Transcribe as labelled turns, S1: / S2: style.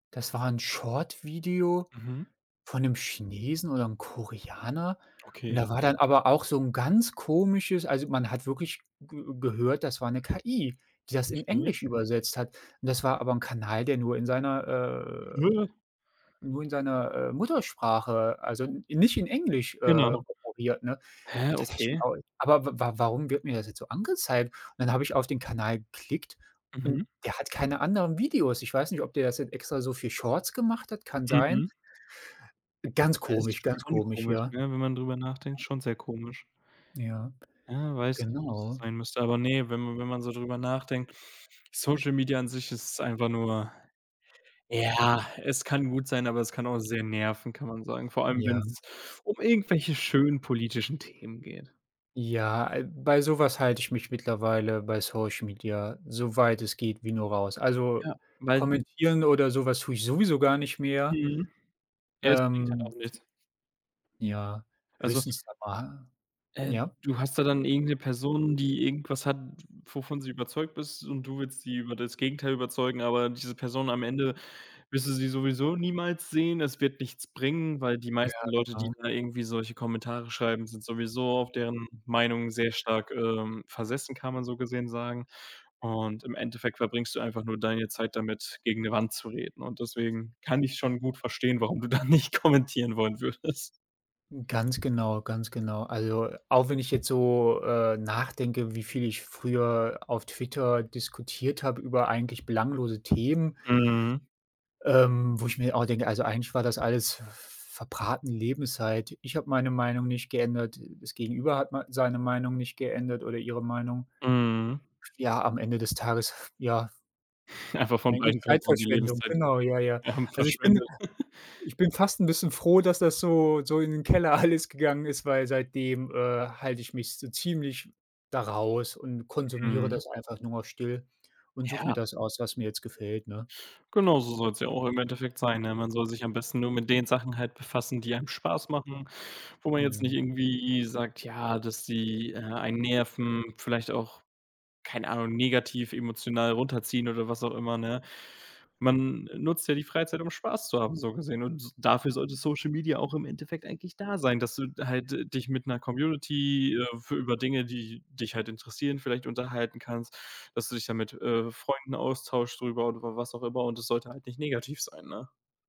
S1: Das war 'n Short-Video
S2: Mhm.
S1: von 'nem Chinesen oder 'nem Koreaner und
S2: Okay.
S1: da war dann aber auch so 'n ganz komisches also, man hat wirklich ge gehört, das war 'ne KI, die das in
S2: Okay.
S1: Englisch übersetzt hat, und das war aber 'n Kanal, der nur in seiner äh, nur in seiner, äh, Muttersprache, also n nicht in Englisch, äh,
S2: Genau.
S1: operiert, ne?
S2: Hä,
S1: Und da dachte ich mir
S2: okay.
S1: auch: „Aber w w warum wird mir das jetzt so angezeigt?” und dann habe ich auf den Kanal geklickt
S2: Mhm.
S1: und der hat keine anderen Videos. Ich weiß nicht, ob der jetzt extra so viel Shorts gemacht hat kann sein.
S2: Mhm.
S1: Ganz
S2: Ja, ist
S1: komisch, ganz
S2: schon
S1: komisch,
S2: komisch,
S1: ja.
S2: ne, wenn man drüber nachdenkt,
S1: Ja.
S2: schon sehr komisch.
S1: Ja,
S2: Ja, weiß nicht, ob das so
S1: genau.
S2: sein müsste, aber ne, wenn man wenn man so drüber nachdenkt,
S1: Ja.
S2: Social Media an sich ist einfach nur ja, es kann gut sein, aber es kann auch sehr nerven, kann man sagen, vor allem
S1: Ja.
S2: wenn's um irgendwelche schönen politischen Themen geht.
S1: Ja, äh, bei so was halte ich mich mittlerweile bei Social Media so weit es geht wie nur raus, also,
S2: Ja, weil
S1: kommentieren oder so was tue ich sowieso gar nicht mehr.
S2: Mhm. Ja, es bringt halt
S1: Ähm
S2: auch nichts.
S1: Ja,
S2: Also
S1: höchstens da mal,
S2: äh,
S1: ja?
S2: du hast da dann irgend 'ne Person, die irgendwas hat, wovon sie überzeugt ist, und du willst sie über das Gegenteil überzeugen, aber diese Person am Ende wirst du sie sowieso niemals sehen. Es wird nichts bringen, weil die
S1: Ja,
S2: meisten Leute, die
S1: genau.
S2: da irgendwie solche Kommentare schreiben, sind sowieso auf deren Meinung sehr stark, ähm, versessen, kann man so gesehen sagen, und im Endeffekt verbringst du einfach nur deine Zeit damit, gegen 'ne Wand zu reden. Und deswegen kann ich schon gut verstehen, warum du da nicht kommentieren wollen würdest.
S1: Ganz genau, ganz genau. Also, auch wenn ich jetzt so, äh, nachdenke, wie viel ich früher auf Twitter diskutiert habe über eigentlich belanglose Themen
S2: Mhm.
S1: ähm, wo ich mir auch denke: „Also eigentlich war das alles verbratene Lebenszeit.” Ich habe meine
S2: [unintelligible]
S1: Meinung nicht geändert, das Gegenüber hat mei seine Meinung nicht geändert oder ihre Meinung.
S2: Mhm.
S1: Ja, am Ende des Tages, ja
S2: Einfach von
S1: eigentlich
S2: beiden Parteien die
S1: Zeitverschwendung.
S2: Lebenszeit,
S1: Genau, ja, ja.
S2: ja,
S1: Also, ich bin
S2: verschwendet.
S1: ich bin fast 'n bisschen froh, dass das so so in den Keller alles gegangen ist, weil seitdem, äh, halte ich mich so ziemlich da raus und konsumiere
S2: Mhm.
S1: das einfach nur noch still und suche mir
S2: Ja.
S1: das aus, was mir jetzt gefällt, ne?
S2: Genau so soll's ja auch im Endeffekt sein, ne? Man soll sich am besten nur mit den Sachen halt befassen, die einem Spaß machen, wo man jetzt nicht
S1: Mhm.
S2: irgendwie sagt, ja, dass sie, äh, einen nerven, vielleicht auch, keine Ahnung, negativ emotional runterziehen oder was auch immer, ne? Man nutzt ja die Freizeit, um Spaß zu haben, so gesehen, und dafür sollte Social Media auch im Endeffekt eigentlich da sein, dass du halt dich mit 'ner Community, äh, f über Dinge, die dich halt interessieren, vielleicht unterhalten kannst, dass du dich da mit, äh, Freunden austauschst drüber oder was auch immer, und es sollte halt nicht negativ sein, ne?